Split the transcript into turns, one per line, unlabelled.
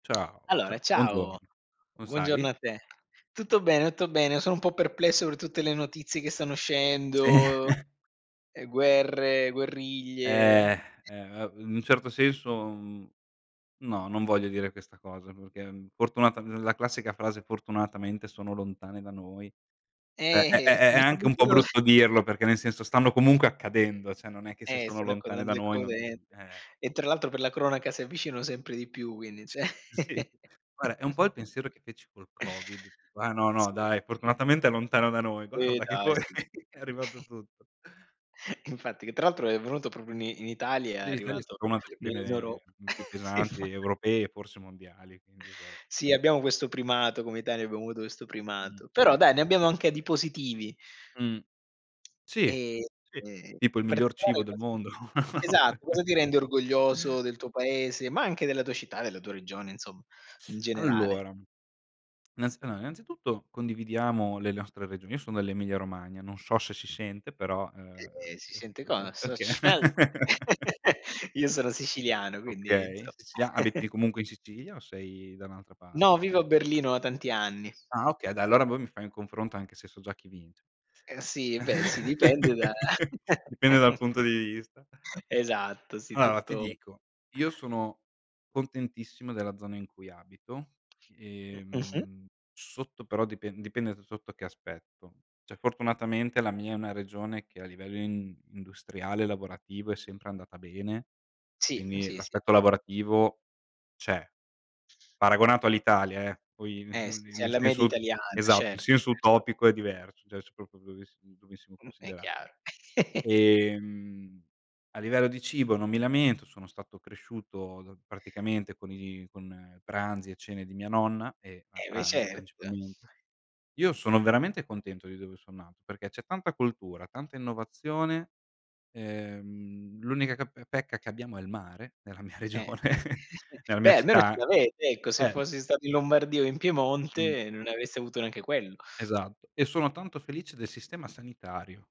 Ciao, ciao,
Allora ciao,
buongiorno, come
buongiorno
stai?
a te. Tutto bene, tutto bene, sono un po' perplesso per tutte le notizie che stanno
Sì.
uscendo. Eh guerre, guerriglie.
Eh, eh, a in un certo senso, mhmm, no, non voglio dire questa cosa perché, fortunatam la classica frase: "Fortunatamente sono lontane da noi." È è
Eh,
è è è anche un
assolutamente
po'
no
brutto dirlo perché, nel senso, stanno comunque accadendo, cioè, non è che se
E
sono
sono con
lontane da noi non,
[unintelligible]
eh
e tra l'altro per la cronaca si avvicinano sempre di più quindi
Sì,
se
sì. Guarda è un po' il pensiero che feci col COVID. Qua: "No no
Sì.
dai, fortunatamente è lontano da noi"
Eh,
guarda che
dai
poi
su.
è arrivato tutto.
Infatti, che tra l'altro è venuto proprio ni in Italia, è
Sì l'Italia è
arrivato
stata una delle
nell'Europ
prime più
infa
pesanti europee, forse mondiali, quindi esatto.
Sì abbiamo questo primato, come Italia abbiamo avuto questo
Mh,
primato.
mh,
Però dai,
mh.
ne abbiamo anche di positivi.
Mh. Sì,
Ehm,
sì,
e
tipo il
per
miglior
quali
cibo del
cose
mondo, no?
esatto, cosa ti rende orgoglioso del tuo paese, ma anche della tua città, della tua regione, insomma, in generale?
Allora, innanzi allora innanzitutto condividiamo le nostre regio io sono dell'Emilia Romagna, non so se si sente però, uhm,
Ehm, e si sente cosa? Sócc'mel,
okay.
io sono siciliano, quindi,
Okay,
insomma.
Sicilia abiti comunque in Sicilia, o sei da un'altra
No,
parte?
vivo a Berlino da tanti anni.
Ah okay, dai, allora poi mi fai un confronto anche se so già chi vince.
Eh sì, beh sì, dipende da
Dipende dal punto di vista.
esatto sì,
Allora, ti
tutto
dico, io sono contentissimo della zona in cui abito,
M mh-mh.
ehm, sotto, però, dipend dipende da sotto che aspetto. Cioè, fortunatamente, la mia è una regione che, a livello, in industriale, lavorativo, è sempre andata bene,
Sì,
quindi,
sì, sì.
l'aspetto lavorativo c'è. Paragonato all'Italia, eh, poi, n
Eh,
n
sì,
n
sei
nel
alla media
senso
italiana,
esatto, in
certo,
senso
certo.
utopico, è diverso, cioè, se proprio avessi dovessimo
Mh, è
considerarlo.
chiaro.
Ehm, a livello di cibo non mi lamento. Sono stato cresciuto, praticamente, con i con pranzi e cene di mia nonna, e a
Eh beh,
pranzi,
certo.
principalmente. Io sono veramente contento di dove sono nato perché c'è tanta cultura, tanta innovazione, ehm, l'unica ch pecca che abbiamo è il mare nella mia
Eh,
regione
eh
nella mia
beh almeno ce
città,
l'avete, ecco, se
eh
fossi stato in Lombardia o in
Mh.
Piemonte, non ne avresti avuto neanche quello.
Esatto, e sono tanto felice del sistema sanitario.